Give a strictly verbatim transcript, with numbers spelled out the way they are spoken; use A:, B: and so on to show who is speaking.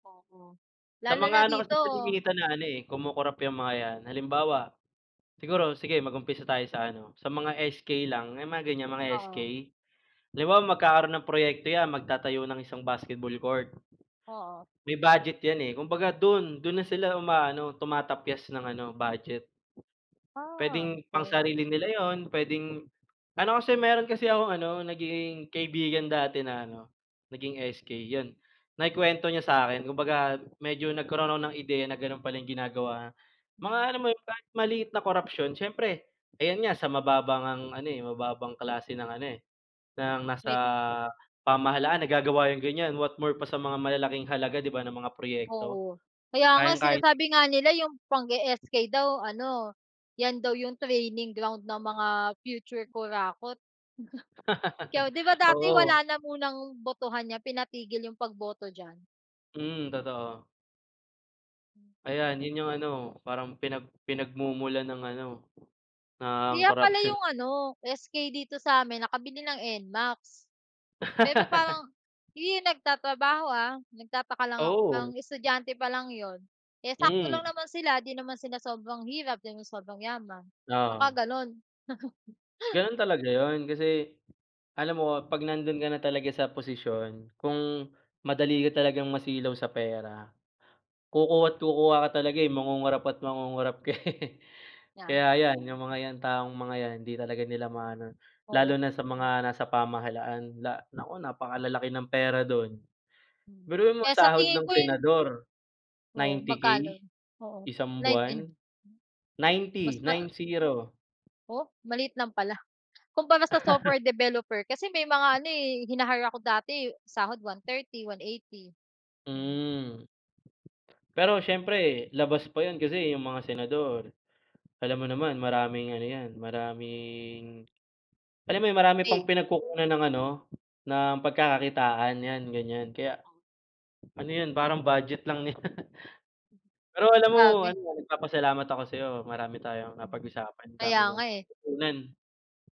A: Oo,
B: Sa
A: lalo na
B: mga ano kasi
A: dito.
B: kalimitan na ano kumukurap 'yong mga 'yan halimbawa siguro sige mag-umpisa tayo sa ano sa mga S-K lang may mga ganyan mga S-K
A: Oo.
B: 'di ba magkakaroon ng proyekto 'yan magtatayo ng isang basketball court,
A: Oo.
B: may budget 'yan kumbaga do'n do'n na sila umaano tumatapyas ng ano budget.
A: Ah,
B: Pwedeng
A: okey.
B: pangsarili nila yun pwedeng ano kasi meron kasi akong ano naging kaibigan dati na ano naging S-K yun naikwento niya sakin kumbaga medyo nagkaroon ng ideya na ganon pala yung ginagawa mga
A: Mhm.
B: ano mo yung kahit maliit na korapsyon syempre ayan nga sa mababang ngang ano eh mababang klase ng ano eh ng nasa
A: Wait
B: pamahalaan nagagawa yung ganyan what more pa sa mga malalaking halaga di ba ng mga proyekto,
A: Oo, kaya nga
B: kayang kaya
A: sinasabi nga nila yung pag-e-S-K daw ano yan daw yung training ground ng mga future kurakot. Pero di ba dati
B: Oo.
A: wala na munang botohan niya pinatigil yung pagboto diyan.
B: Hmm, totoo. Ayan yun yung ano parang pinag pinagmumulan ng ano ng
A: Kaya pala
B: corruption.
A: yung ano S-K dito samin nakabili ng N-MAX. Pero parang hindi yun nagtatrabaho ah nagtataka lang ako
B: Oo.
A: parang estudyante pa lang 'yon eh sakto lang
B: Hmm.
A: naman sila 'di naman sila sobrang hirap di naman sobrang yaman baka
B: Oo.
A: gano'n.
B: Ganon talaga yun kasi alam mo pag nandun ka na talaga sa posisyon, kung madali ka talagang masilaw sa pera, kukuha't kukuha ka talaga eh mangungurap at mangungurap ka eh
A: Yeah.
B: kaya yan, yung mga taong mga yan hindi talaga nila maano lalo
A: Oo.
B: na sa mga nasa pamahalaan la naku napakalalaki ng pera dun
A: Mm,
B: biruin mo
A: kaya sa
B: sahod
A: tingin
B: ng
A: ko yun
B: senador,
A: Oo,
B: ninety K
A: magkano? Oo
B: isang
A: nineteen.
B: buwan,
A: Mas
B: ninety
A: ma
B: nine zero.
A: Oh, maliit lang pala, kumpara sa software developer kasi may mga ano eh hinahire ako dati sahod one thirty, one eighty.
B: Hmm. Pero syempre labas pa yun kasi yung mga senador, alam mo naman maraming ano yan maraming alam mo yun marami pang
A: Paid.
B: pinagkukunan ng ano ng pagkakakitaan yan ganyan kaya, ano yun parang budget lang nila, pero alam mo
A: Sabi.
B: ano nagpapasalamat ako sa'yo marami tayong
A: Hmm,
B: napag-usapan ang dami
A: kaya
B: kong
A: nga eh.
B: natutunan.